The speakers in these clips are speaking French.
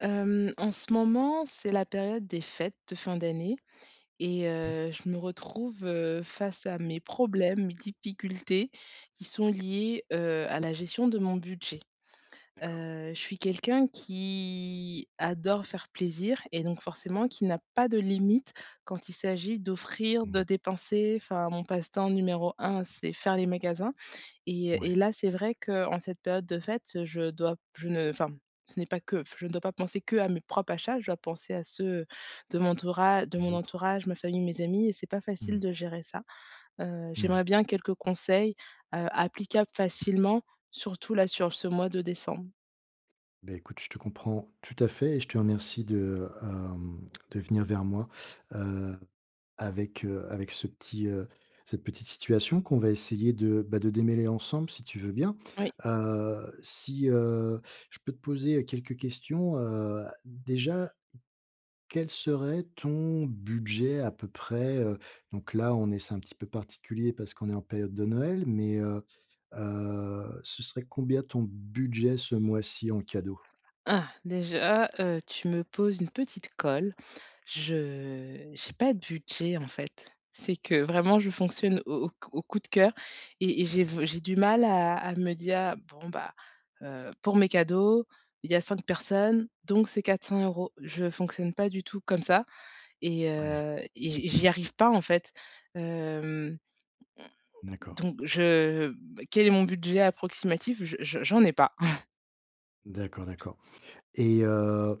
Hem, en ce moment, c'est la période des fêtes de fin d'année et Mmh. heu, je me retrouve, heu, face à mes problèmes, mes difficultés qui sont liés, heu, à la gestion de mon budget. D'accord. Heu, je suis quelqu'un qui adore faire plaisir et donc, forcément qui n'a pas de limite quand il s'agit d'offrir, Mmh de mh. dépenser, enfin, mon passe-temps numéro 1, c'est faire les magasins. Et et Ouais. là, c'est vrai qu'en cette période de fête, je dois je ne enfin, ce n'est pas que je ne dois pas penser que à mes propres achats, je dois penser à ceux, de mon tourage de Les mon autres. entourage, ma famille, mes amis et c'est pas Mmh facile mh. de gérer ça. Heu, j'aimerais Ouais. bien quelques conseils, heu, applicables facilement, surtout là, sur ce mois de décembre. Beh, écoute, je te comprends, tout à fait et je te remercie de, hem, de venir vers moi. Heu, avec, heu, avec ce petit, heu, cette petite situation qu'on va essayer de, bah, de démêler ensemble si tu veux bien. Oui. Heu, si, heu, je peux te poser quelques questions? Heu, déjà, quel serait ton budget à peu près, heu, donc là, on est c'est un petit peu particulier parce qu'on est en période de Noël, mais, heu heu, ce serait combien ton budget ce mois-ci en cadeau? Ah! Déjà, heu, tu me poses une petite colle. Je j'ai pas de budget, en fait. C'est que vraiment je fonctionne au au cou au coup de cœur et et j'ai v j'ai du mal à à me dire: «Bon bah, heu, pour mes cadeaux, il y a 5 personnes, donc c'est 400 €. Je fonctionne pas du tout comme ça. Et Ouais. heu, et j'y j'y arrive pas en fait. Hem, m D'accord. donc, je m quel est mon budget approximatif? Je je j'en ai pas. D'accord, d'accord et, heu,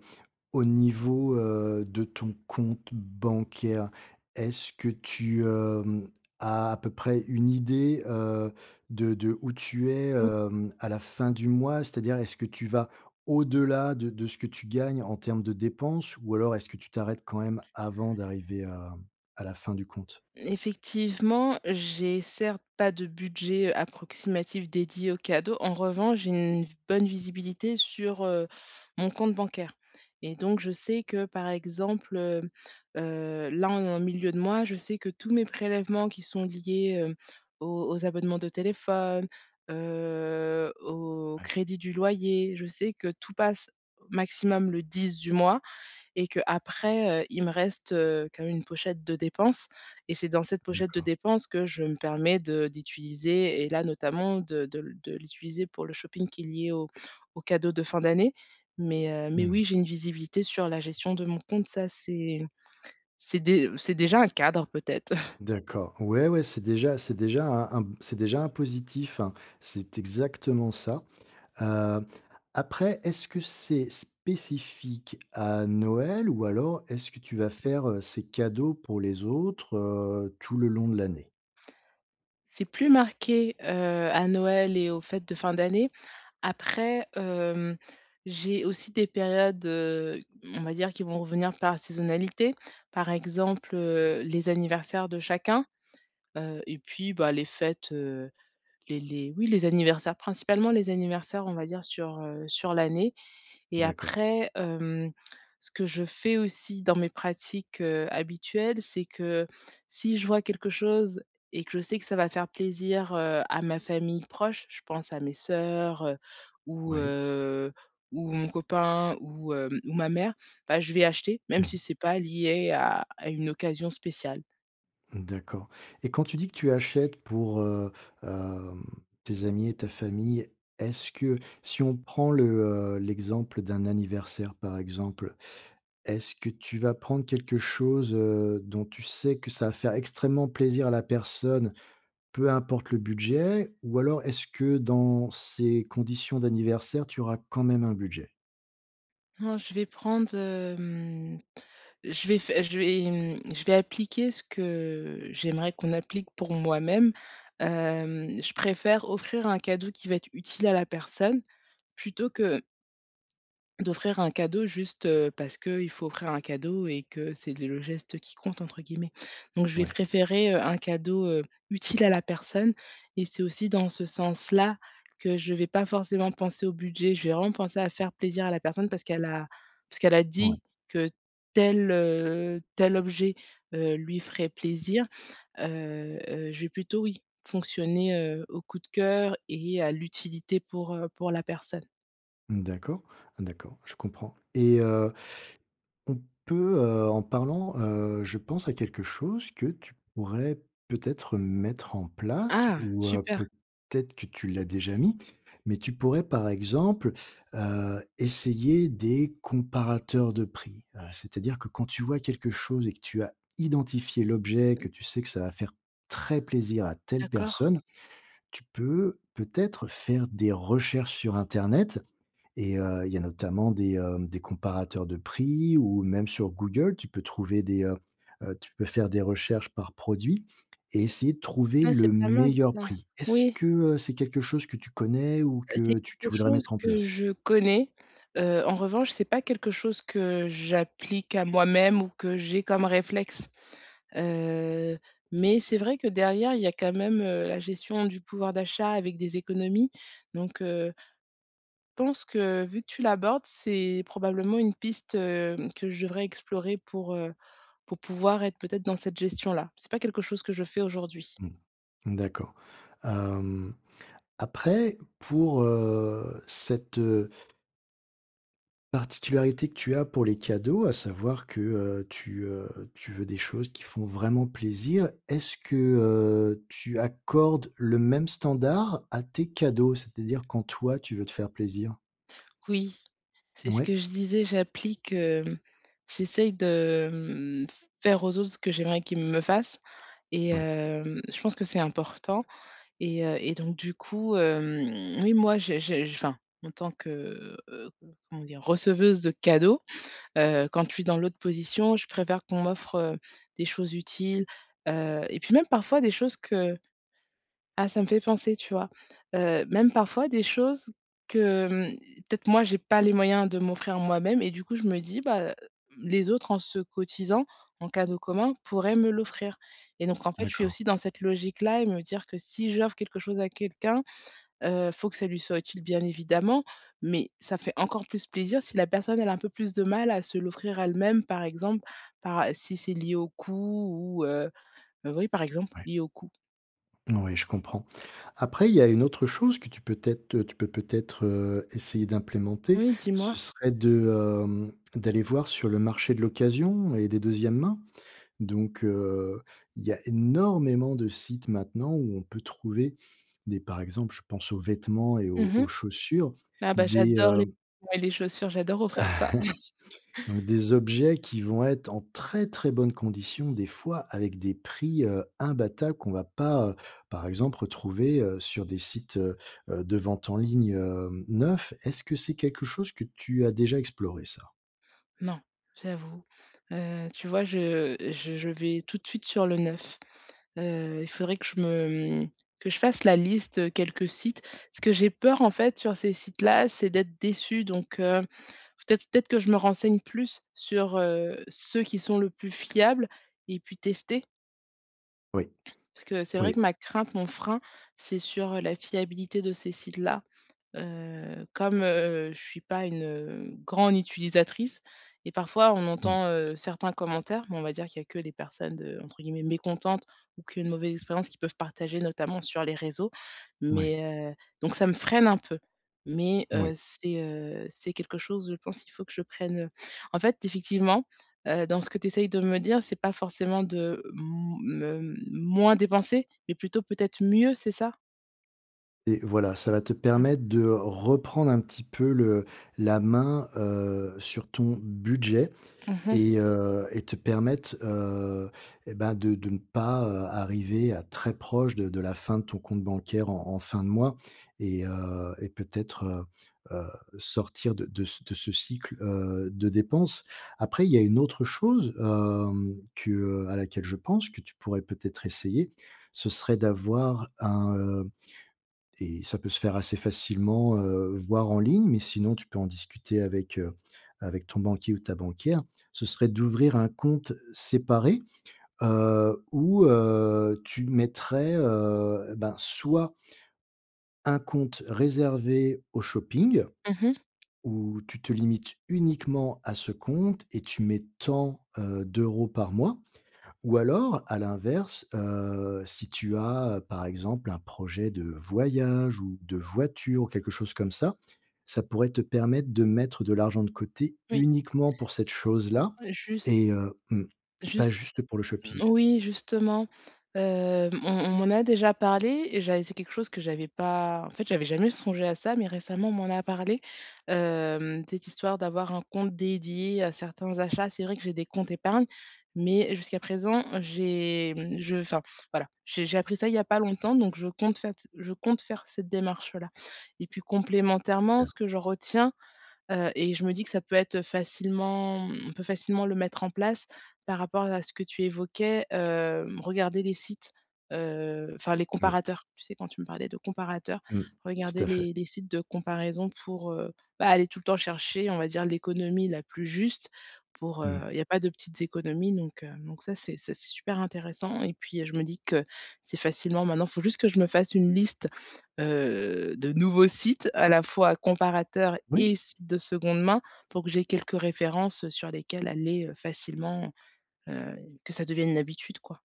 au niveau, heu, de ton compte bancaire, est-ce que tu, hem, as à peu près une idée, heu, de de où tu es, [unintelligible] hem, à la fin du mois? C'est-à-dire, est-ce que tu vas au-delà de de ce que tu gagnes en termes de dépenses, ou alors est-ce que tu t'arrêtes quand même avant d'arriver à à la fin du compte? Effectivement, j'ai certes pas de budget, heu, approximatif dédié aux cadeaux. En revanche, j'ai une bonne visibilité sur, heu, mon compte bancaire, et donc je sais que, par exemple, heu heu, là on est en milieu de mois, je sais que tous mes prélèvements qui sont liés, heu, aux aux abonnements de téléphone, heu, au Ouais. crédit du loyer, je sais que tout passe, maximum le 10 du mois et qu'après, heu, il me reste, heu, quand même une pochette de dépenses et c'est dans cette pochette de D'accord. dépenses que je me permets de d'utiliser et là notamment de de le de l'utiliser pour le shopping qui est lié aux aux cadeaux de fin d'année, mais, heu, Mmh mais mh. oui, j'ai une visibilité sur la gestion de mon compte, ça, c'est c'est dé c'est déjà un cadre, peut-être. D'accord. Ouais, ouais, c'est déjà c'est déjà un un c'est déjà un positif, c'est exactement ça. Heu, après, est-ce que c'est spécifique à Noël? Ou alors, est-ce que tu vas faire, heu, ces cadeaux pour les autres, heu, tout le long de l'année? C'est plus marqué, heu, à Noël et aux fêtes de fin d'année, après, hem, j'ai aussi des périodes, heu, mmh, on va dire qui vont revenir par saisonnalité. Par exemple, heu, les anniversaires de chacun, heu et puis, bah, les fêtes, heu, les les oui les anniversaires, principalement les anniversaires, on va dire sur, heu sur l'année et D'accord. après, hem, ce que je fais aussi dans mes pratiques, heu, habituelles, c'est que si je vois quelque chose et que je sais que ça va faire plaisir, heu, à ma famille proche- je pense à mes soeurs, heu, ou, Oui. heu ou mon copain ou hem ou ma mère- bah, je vais acheter, même Mmh si mh. c'est pas lié à à une occasion spéciale. Mmh, d'accord et quand tu dis que tu achètes pour, heu, hem, tes amis et ta famille. Est-ce que si on prend le, heu l'exemple d'un anniversaire par exemple, est-ce que tu vas prendre quelque chose, heu, dont tu sais que ça va faire extrêmement plaisir à la personne, peu importe le budget? Ou alors est-ce que dans ces conditions d'anniversaire, tu auras quand même un budget? Non, je vais prendre hem, je vais fai je vais mmh, je vais appliquer ce que j'aimerais qu'on applique pour moi-même. Hem, je préfère offrir un cadeau qui va être utile à la personne plutôt que d'offrir un cadeau juste, heu, parce qu'il faut offrir un cadeau et que «c'est le geste qui compte» entre guillemets. Donc je vais Ouais. préférer, heu, un cadeau, heu, utile à la personne et c'est aussi dans ce sens-là que je vais pas forcément penser au budget. Je vais vraiment penser à faire plaisir à la personne parce qu'elle a parce qu'elle a Ouais. dit que tel, heu, tel objet, heu, lui ferait plaisir. Heu heu, je vais plutôt, oui, fonctionner, heu, au coup de cœur et à l'utilité pour, heu, pour la personne. Mmh, d'accord. Ah d'accord, je comprends et heu, on peut heu, en parlant, heu, je pense à quelque chose que tu pourrais peut-être mettre en place Ah! ou, heu, Super. peut-être que tu l'as déjà mis, mais tu pourrais par exemple, heu, essayer des comparateurs de prix. Heu, c'est-à-dire que quand tu vois quelque chose et que tu as identifié l'objet, que tu sais que ça va faire très plaisir à telle D'accord. personne. Tu peux peut-être faire des recherches sur internet et heu, il y a notamment des, hem, des comparateurs de prix ou même sur Google, tu peux trouver des heu heu, tu peux faire des recherches par produit et essayer de trouver Ah, le c'est pas mal meilleur ça! prix. Est-ce Oui. que, heu, c'est quelque chose que tu connais ou Heu, c'est que tu quelque tu voudrais chose mettre en que place? je connais. Heu, en revanche, c'est pas quelque chose que j'applique à moi-même ou que j'ai comme réflexe. Heu, mais c'est vrai que derrière, il y a quand même, heu, la gestion du pouvoir d'achat avec des économies donc, heu pense que vu que tu l'abordes, c'est probablement une piste, hem, que je devrais explorer pour, heu, pour pouvoir être peut-être dans cette gestion-là. C'est pas quelque chose que je fais aujourd'hui. Mmh. Mmh d'accord. Hem, après pour, heu, cette, heu Particularité que tu as pour les cadeaux, à savoir que, heu, tu, heu tu veux des choses qui font vraiment plaisir. Est-ce que, heu, tu accordes le même standard à tes cadeaux? C'est-à-dire quand toi tu veux te faire plaisir. Oui. C'est ce Mouais. que je disais, j'applique, hem j'essaie de, hem, f faire aux autres ce que j'aimerais qu'ils me fassent et Ouais. hem, je pense que c'est important. Et heu et donc du coup, hem, oui moi j'ai j'ai je enfin, en tant que, heu, comment dire, receveuse de cadeaux, heu, quand je suis dans l'autre position, je préfère qu'on m'offre, heu, des choses utiles, heu et puis même, parfois, des choses que Ah, ça me fait penser, tu vois, heu, même parfois des choses que, hem, peut-être moi j'ai pas les moyens de m'offrir moi-même et du coup je me dis, bah, heu, hem, les autres en se cotisant en cadeau commun, pourraient me l'offrir. Et donc en fait, je suis D'accord. aussi dans cette logique-là et me dire que si j'offre quelque chose à quelqu'un, heu, faut que ça lui soit utile, bien évidemment, mais ça fait encore plus plaisir si la personne elle a un peu plus de mal à se l'offrir à elle même, par exemple, para si c'est lié au coût ou, heu bah, oui, par exemple, Ouais. lié au coût. Ouais, je comprends. Après, il y a une autre chose que tu peux t'être, heu tu peux peut-être, heu, essayer d'implémenter, Oui, dis-moi. ce serait de, hem, d'aller voir sur le marché de l'occasion et des 2e main. Donc, heu, il y a énormément de sites maintenant où on peut trouver des, par exemple, je pense aux vêtements et aux Mmh aux mh. chaussures, Ah bah, des, j'adore heu les ouais les chaussures, j'adore offrir ça. donc des objets qui vont être en très, très bonnes conditions des fois avec des prix, heu, imbattables qu'on va pas, heu, par exemple retrouver, heu, sur des sites, heu, de vente en ligne, hem, neufs. Est-ce que c'est quelque chose que tu as déjà exploré ça? Non, j'avoue. Heu, tu vois, je, heu, je je vais tout de suite sur le neuf. Heu. il faudrait que je me, hem que je fasse la liste, heu, quelques sites. Ce que j'ai peur, en fait, sur ces sites-là, c'est d'être déçue donc, heu, faut peut-être peut-être que je me renseigne plus sur, heu, ceux qui sont le plus fiables et puis tester Oui, parce que c'est vrai oui. que ma crainte, mon frein, c'est sur, heu, la fiabilité de ces sites-là. Heu, comme, heu, je suis pas une, hem, grande utilisatrice et parfois, on Mmh. entend, heu, certains commentaires, mais on va dire qu'il y a que les personnes de, entre guillemets «mécontentes» ou qui ont eu une mauvaise expérience qui peuvent partager notamment sur les réseaux. Moui. Mais, heu, donc, ça me freine un peu. Mais, Moui. heu, c'est, heu, c'est quelque chose, je pense qu'il faut que je prenne, heu en fait, effectivement, heu, dans ce que tu essaies de me dire, c'est pas forcément de m me moins dépenser, mais plutôt peut-être mieux, c'est ça? Et voilà, ça va te Mmh. permettre de reprendre un petit peu le la main, heu, sur ton budget Mmh mh. et heu et te permettre, heu et bah, de de ne pas arriver à très proche de de la fin de ton compte bancaire en en fin de mois et heu et peut-être, heu heu, sortir de de c de ce cycle, heu, de dépenses. Après, il y a une autre chose, hem, que, heu, à laquelle je pense, que tu pourrais peut-être essayer, ce serait d'avoir un, heu et ça peut se faire assez facilement, heu, voir en ligne, mais sinon tu peux en discuter avec, heu, avec ton banquier ou ta banquière. Ce serait d'ouvrir un compte séparé, heu, où, heu, tu mettrais, heu, ben, soit un compte réservé au shopping. Mmh mh. Où tu te limites uniquement à ce compte et tu mets tant, heu, d'euros par mois. Ou alors à l'inverse, heu, si tu as, par exemple, un projet de voyage ou de voiture ou quelque chose comme ça, ça pourrait te permettre de mettre de l'argent de côté, Oui. uniquement pour cette Ouais chose-là et juste et heu, mmh, pas juste juste pour le shopping. moui justement, heu, on on m'en a déjà parlé et j'avais c'est quelque chose que j'avais pas en fait j'avais jamais songé à ça, mais récemment, on m'en a parlé, heu, cette histoire d'avoir un compte dédié à certains achats. C'est vrai que j'ai des comptes épargne, mais, jusqu'à présent, j'ai mmh je enfin, voilà. J'ai j'ai appris ça, il y a pas longtemps, donc je compte fait je compte faire cette démarche-là et puis complémentairement, Bien. ce que je retiens, heu et je me dis que ça peut être facilement on peut facilement le mettre en place par rapport à ce que tu évoquais, hem, regarder les sites, heu, enfin les Moui. comparateurs. Tu sais quand tu me parlais de comparateur, Mmh. regarder Tout à fait. les les sites de comparaison pour, heu, bah, aller tout le temps chercher, on va dire l'économie la plus juste. Pour, Mmh heu, mh. il y a pas de petites économies donc, heu, donc ça c'est ça c'est super intéressant et puis je me dis que c'est facilement maintenant faut juste que je me fasse une liste, heu, de nouveaux sites à la fois comparateurs Oui. et sites de seconde main pour que j'aie quelques références, heu, sur lesquelles aller, heu, facilement, heu, que ça devienne une habitude quoi.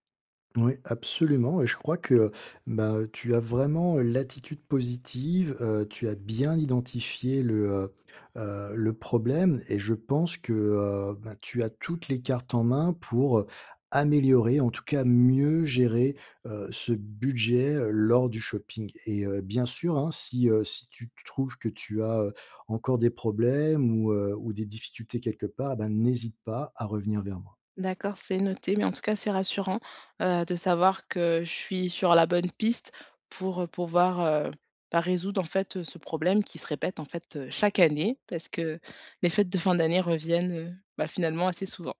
Moui, absolument et je crois que, heu, bah, tu as vraiment l'attitude positive, heu, tu as bien identifié le, heu heu, le problème et je pense que, heu, ben, tu as toutes les cartes en main pour, heu, améliorer, en tout cas, mieux gérer, heu, ce budget lors du shopping et heu, bien sûr hein, si, heu, si tu tu trouves que tu as, heu, encore des problèmes ou, heu, ou des difficultés quelque part, ben, n'hésite pas à revenir vers moi. D'accord, c'est noté, mais en tout cas, c'est rassurant, heu, de savoir que je suis sur la bonne piste pour, heu, pouvoir, heu, ben résoudre en fait ce problème qui se répète, en fait, chaque année, parce que, les fêtes de fin d'année reviennent, heu, bah finalement assez souvent.